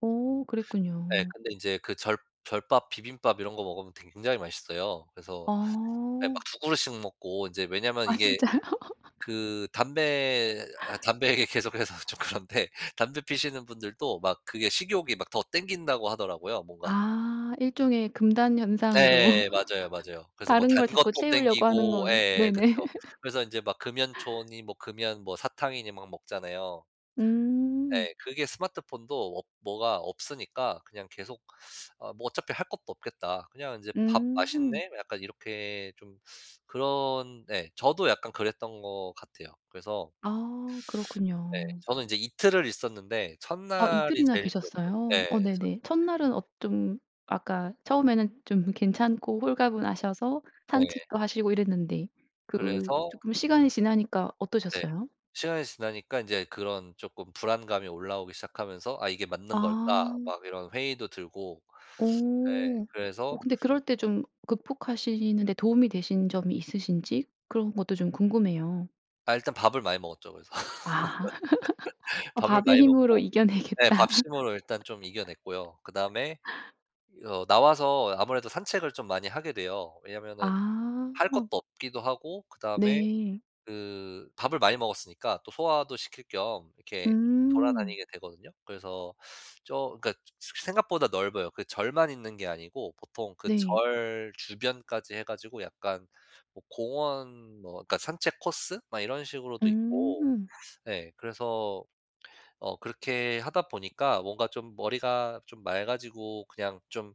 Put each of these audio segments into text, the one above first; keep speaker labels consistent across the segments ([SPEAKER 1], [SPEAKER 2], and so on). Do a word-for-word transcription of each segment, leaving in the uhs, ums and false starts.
[SPEAKER 1] 어
[SPEAKER 2] 네
[SPEAKER 1] 그랬군요.
[SPEAKER 2] 근데 인제 그 절 절밥 비빔밥 이런 거 먹으면 굉장히 맛있어요. 그래서 예 막
[SPEAKER 1] 아.
[SPEAKER 2] 두 그릇씩 먹고 인제 왜냐면
[SPEAKER 1] 아
[SPEAKER 2] 이게
[SPEAKER 1] 진짜요?
[SPEAKER 2] 그 담배 아 담배 얘기 계속해서 좀 그런데 담배 피우시는 분들도 막 그게 식욕이 막 더 당긴다고 하더라고요, 뭔가.
[SPEAKER 1] 아 일종의 금단현상으로
[SPEAKER 2] 예 맞아요, 맞아요. 그래서 뭐
[SPEAKER 1] 다른 걸 자꾸
[SPEAKER 2] 단것도
[SPEAKER 1] 채우려고 하는
[SPEAKER 2] 당기고
[SPEAKER 1] 거네
[SPEAKER 2] 예
[SPEAKER 1] 네네.
[SPEAKER 2] 그쵸. 그래서 인제 막 금연초니 뭐 금연 뭐 사탕이니 막 먹잖아요.
[SPEAKER 1] 음.
[SPEAKER 2] 네. 그게 스마트폰도 없 뭐가 없으니까 그냥 계속 어 뭐 어차피 할 것도 없겠다. 그냥 이제 '밥
[SPEAKER 1] 음.
[SPEAKER 2] 맛있네.' 약간 이렇게 좀 그런 네 저도 약간 그랬던 것 같아요. 그래서
[SPEAKER 1] 아.
[SPEAKER 2] 네.
[SPEAKER 1] 그렇군요.
[SPEAKER 2] 저는 이제 이틀을 있었는데
[SPEAKER 1] 아
[SPEAKER 2] 첫날이
[SPEAKER 1] 이틀이나
[SPEAKER 2] 제일 힘들었죠. 예.
[SPEAKER 1] 계셨어요? 어
[SPEAKER 2] 그래서
[SPEAKER 1] 네네. 첫날은 어 좀 아까 처음에는 좀 괜찮고 홀가분하셔서
[SPEAKER 2] 네.
[SPEAKER 1] 산책도 하시고 이랬는데 그
[SPEAKER 2] 그래서
[SPEAKER 1] 쪼끔 시간이 지나니까
[SPEAKER 2] 네.
[SPEAKER 1] 어떠셨어요?
[SPEAKER 2] 시간이 지나니까 인제 그런 쪼끔 불안감이 올라오기 시작하면서 '아 이게 맞는 걸까.'
[SPEAKER 1] 아.
[SPEAKER 2] 막 이런 회의도 들고. 네
[SPEAKER 1] 어. 어
[SPEAKER 2] 그래서
[SPEAKER 1] 근데 그럴 때 좀 극복하시는 데 도움이 되신 점이 있으신지 그런 것도 좀 궁금해요.
[SPEAKER 2] 아 일단 밥을 많이 먹었죠, 그래서.
[SPEAKER 1] 아. 어
[SPEAKER 2] 밥을
[SPEAKER 1] 밥의
[SPEAKER 2] 많이
[SPEAKER 1] 힘으로
[SPEAKER 2] 먹고 네
[SPEAKER 1] 이겨내겠다.
[SPEAKER 2] 밥심으로 일단 좀 이겨냈고요. 그다음에 어 나와서 아무래도 산책을 좀 많이 하게 돼요. 왜냐면은 할 것도
[SPEAKER 1] 아.
[SPEAKER 2] 없기도 하고 그다음에
[SPEAKER 1] 네.
[SPEAKER 2] 그 밥을 많이 먹었으니까 또 소화도 시킬 겸 이렇게
[SPEAKER 1] 음.
[SPEAKER 2] 돌아다니게 되거든요. 그래서 저 그니까 새 생각보다 넓어요. 그 절만 있는 게 아니고 보통 그
[SPEAKER 1] 네.
[SPEAKER 2] 절 주변까지 해 가지고 약간 뭐 공원 뭐 그러니까 산책 코스 막 이런 식으로도 있고
[SPEAKER 1] 음.
[SPEAKER 2] 예 그래서 어 그렇게 하다 보니까 뭔가 좀 머리가 좀 맑아지고 그냥 좀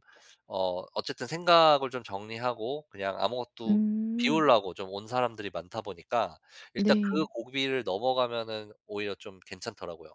[SPEAKER 2] 어 어쨌든 생각을 좀 정리하고 그냥 아무것도
[SPEAKER 1] 음.
[SPEAKER 2] 비우려고 좀 온 사람들이 많다 보니까 일단 그
[SPEAKER 1] 네.
[SPEAKER 2] 고비를 넘어가면은 오히려 좀 괜찮더라고요.